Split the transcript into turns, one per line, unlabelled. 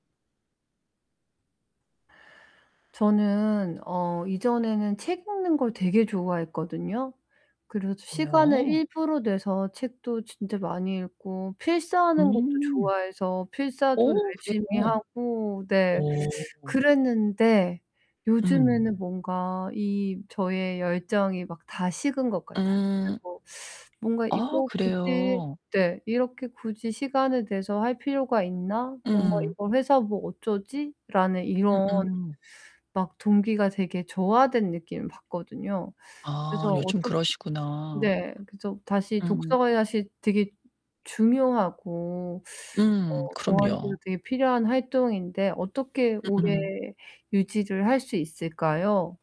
저는 어 이전에는 책 읽는 걸 되게 좋아했거든요. 그래서 시간을
여어.
일부러 내서 책도 진짜 많이 읽고 필사하는 것도
음.
좋아해서 필사도
어
열심히
그래요?
하고 네
어.
그랬는데
음.
요즘에는 뭔가 이 저의 열정이 막 다 식은 것 같아요.
음.
그리고 뭔가
아
이거 굳이
그래요?
네 '이렇게 굳이 시간을 내서 할 필요가 있나? 뭔가
음음.
이걸 해서 뭐 어쩌지?'라는
음
이런
음.
막 동기가 되게 저하된 느낌을 받거든요.
아,
그래서
요즘
어떻게
그러시구나.
네. 그래서 다시
음.
독서가 사실 되게 중요하고 어
음.
저한테도
그럼요.
되게 필요한 활동인데 어떻게 오래
음음.
유지를 할 수 있을까요?